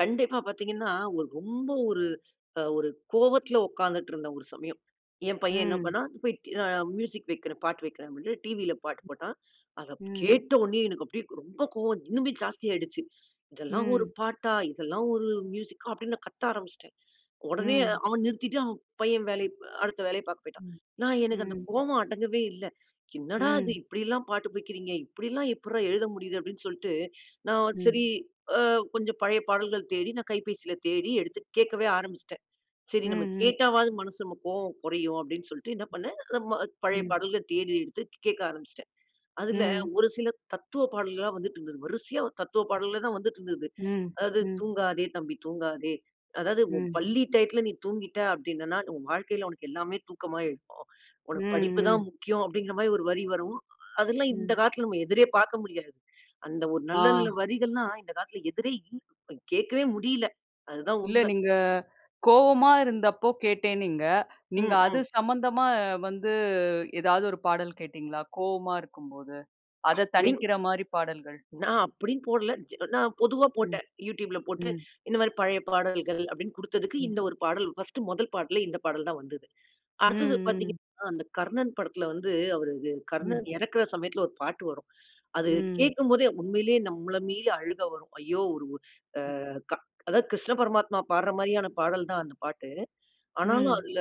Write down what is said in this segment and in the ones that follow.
கண்டிப்பா பார்த்தீங்கன்னா, ஒரு ரொம்ப ஒரு ஒரு கோவத்தில உட்கார்ந்துட்டு இருந்த, ஒரு சமயம். என் பையன் என்ன ம். பண்ணான்? போய்ட்டு நான் மியூசிக் வைக்கிறேன். பாட்டு வைக்கிறேன் அப்படீனு, டிவியில பாட்டு போட்டான். அத ம். கேட்ட உடனேயே எனக்கு அப்படியே ரொம்ப கோவம், இன்னுமே ஜாஸ்தி ஆயிடுச்சு. "இதெல்லாம் ஒரு ம். பாட்டா? இதெல்லாம் ஒரு மியூசிக்கா?" அப்டீன்னு நான் கத்த ஆரம்பிச்சுட்டேன். உடனே ம். அவன் நிறுத்திட்டு அவன் பையன் வேலை அடுத்த வேலைய பார்க்க பேய்ட்டான். நான் எனக்கு அந்த ம். கோவம் அடங்கவே இல்ல. "என்னடா இது? ம். இப்படில்லா பாட்டு படிக்கிறீங்க, இப்படில்லா எப்புட்றா எழுத முடியுது?" அப்டீன்னு சொல்லிட்டு, நான் ம். சரி, அ கொஞ்சம் பழைய பாடல்கள் தேடி நான் கைபேசியில தேடி எடுத்து, கேட்கவே ஆரம்பிச்சிட்டேன். சரி, நம்ம ம்ஹ்ம். கேட்டாவாவது மனசு நமக்கு கோவம் குறையும், அப்டீன்னு சொல்லிட்டு என்ன பண்ணேன்? பழைய ம். பாடல்கள் தேடி, எடுத்துக் கேட்க ஆரம்பிச்சுட்டேன். அதில ம். ஒரு சில தத்துவ பாடல்கள்லா வந்துட்டிருந்தது. வரிசையா தத்துவ பாடல்களே தான் வந்துட்டு இருந்தது. ம். அதாவது, ம். "தூங்காதே தம்பி தூங்காதே." அதாவது, "உன் ம். பள்ளி டையத்துல நீ தூங்கிட்ட அப்பிடீன்னேன்னா, உன் வாழ்க்கையில உனக்கு எல்லாமே தூக்கமா. [unintelligible] ம். உனக்கு படிப்பு ம். தான் முக்கியம்." அப்டீங்கிற மாரி ஒரு வரி வரும். அதெல்லாம் இந்த ம். காலத்தில நம்ம எதிரே பார்க்க முடியாது. அந்த ஒரு நல்ல நல்ல ஆ. வரிகள்லாம் இந்த காலத்தில எதிரே எங்க போய்கேட்கவே முடியல. அதுதான் இல்ல. உண்மை. நீங்க கோவமா இருந்தப்போ கேட்டேனீங்க. நீங்க ம் அது ம். சம்மந்தமா வந்து, ஏதாவது ஒரு பாடல் கேட்டீங்களா? கோவமா இருக்கும் போது, அத அப்டீன்னு தணிக்கிற மாரி பாடல்கள்? நான் அப்பிடீன்னு போடல. நான் பொதுவா ம். போட்டேன். யூட்யூப்ல போட்டு, ம். இந்த மாரி 'பழைய பாடல்கள்' அப்பிடீன்னு குடுத்ததுக்கு, ம். இந்த ஒரு பாடல், பர்ஸ்ட் முதல் பாட்டுல, இந்த பாடல் தான் வந்தது. ம். அடுத்தது ம். பார்த்தீங்கன்னா, அந்த கர்ணன் படத்துல வந்து, அவரு, ம். கர்ணன் இறக்குற சமயத்துல ஒரு பாட்டு வரும். அது ம். கேட்கும்போதே உண்மையிலேயே நம்மள மீறி அழுக வரும். ஐயோ! ஒரு உ ம். அ க அதாவது கிருஷ்ண பரமாத்மா பாடுற மாரியான பாடல் தான் அந்த பாட்டு. ஆனாலும் ம். அதில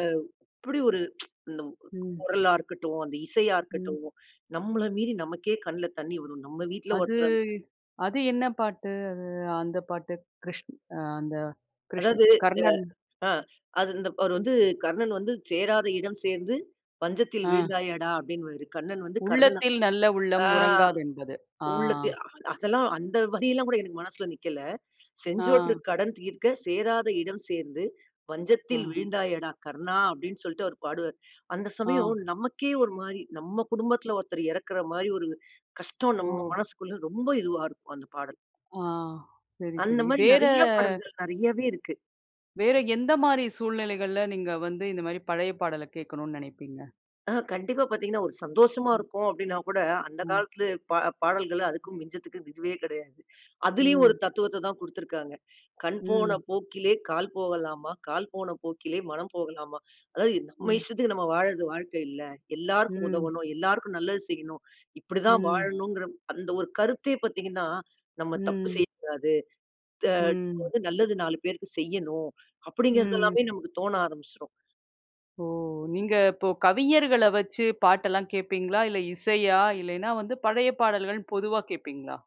அப்படி ஒரு ச்சு இந்த ம். குரலா இருக்கட்டும், அந்த இசையா ம். இருக்கட்டும், நம்மள மீறி நமக்கே கண்ணில தண்ணீ வரும். நம் வீட்ல அது- ஒருத்தர வந்துட்டு அது என்ன பாட்டு? அது அந்த பாட்டு கிருஷ் ஆ அந்த கிருஷ் அதாவது கர்ணன் அ ஆ அது இந்த அவரு வந்து கர்ணன் வந்து "சேராத இடம் சேர்ந்து, வஞ்சத்தில் ஆ. வீழ்ந்தாயடா" அப்டீன்னுவாரு. கண்ணன் வந்து கர்ணன "உள்ளத்தில் நல்ல உள்ளம் ஆ உறங்காதென்பது." ஆ. "உள்ளத்தில்" அதெல்லாம், அந்த வரியெல்லாம் கூட, எனக்கு மனசில நிக்கல. "செஞ்சோற்று ஆ. கடன் தீர்க்க. சேராத இடம் சேர்ந்து, ஆ. வஞ்சத்தில் வீழ்ந்தாயேடா! கர்ணா!" அப்பிடீன்னு சொல்லிட்டு அவரு பாடுவாரு. அந்த ஆ. சமயம் நமக்கே ஒரு மாரி, நம்ம குடும்பத்தில ஒருத்தரு இறக்கிற மாரி ஒரு கஷ்டம், நம்ம ஓ! மனசுக்குள்ள ரொம்ப இதுவா இருக்கும், அந்த பாடல். ஆ சரி அந்த சரி. மாரி வேற நிறைய பாடல்கள், நிறையவே இருக்கு. வேற எந்த மாரி சூழ்நிலைகள்ல, நீங்க வந்து இந்த மாரி பழைய பாடல கேட்கணும்னு நினைப்பீங்க? ஆ கண்டிப்பா பார்த்தீங்கன்னா, ஒரு சந்தோஷமா ம். இருக்கோம் அப்பிடீனா கூட, அந்த ம். காலத்தில பா பாடல்கள, அதுக்கும் மிஞ்சறதுக்கும் இதுவே கிடையாது. அதிலயும் ஒரு ம். தத்துவத்த தான் குடுத்திருக்காங்க. "கண் போன ம். போக்கிலே, கால் போகலாமா? கால் போன போக்கிலே, மனம் போகலாமா?" அதாவது, நம்ம ம். இஷ்டத்துக்கு, நம்ம வாழ்றது வாழ்க்கை இல்ல. எல்லோருக்கும் ம். உதவணும். எல்லோருக்கும் நல்லது செய்யணும். இப்பிடி தான் ம். வாழணுங்கிற அந்த ஒரு கருத்தே பார்த்தீங்கன்னா, நம்ம தப்பு ம். செய்யக்கூடாது. த ம். நல்லது, 4 பேருக்கு செய்யணும் ம். அப்பிடீங்கிறதெல்லாமே நமக்கு தோண ஆரம்பிச்சிரும். ஓ! நீங்க இப்போ கவிஞர்கள வச்சு பாட்டெல்லாம் கேட்பீங்களா? இல்ல, இசையா? இல்லனா வந்து பழைய பாடல்கள்னு பொதுவா கேட்பீங்களா?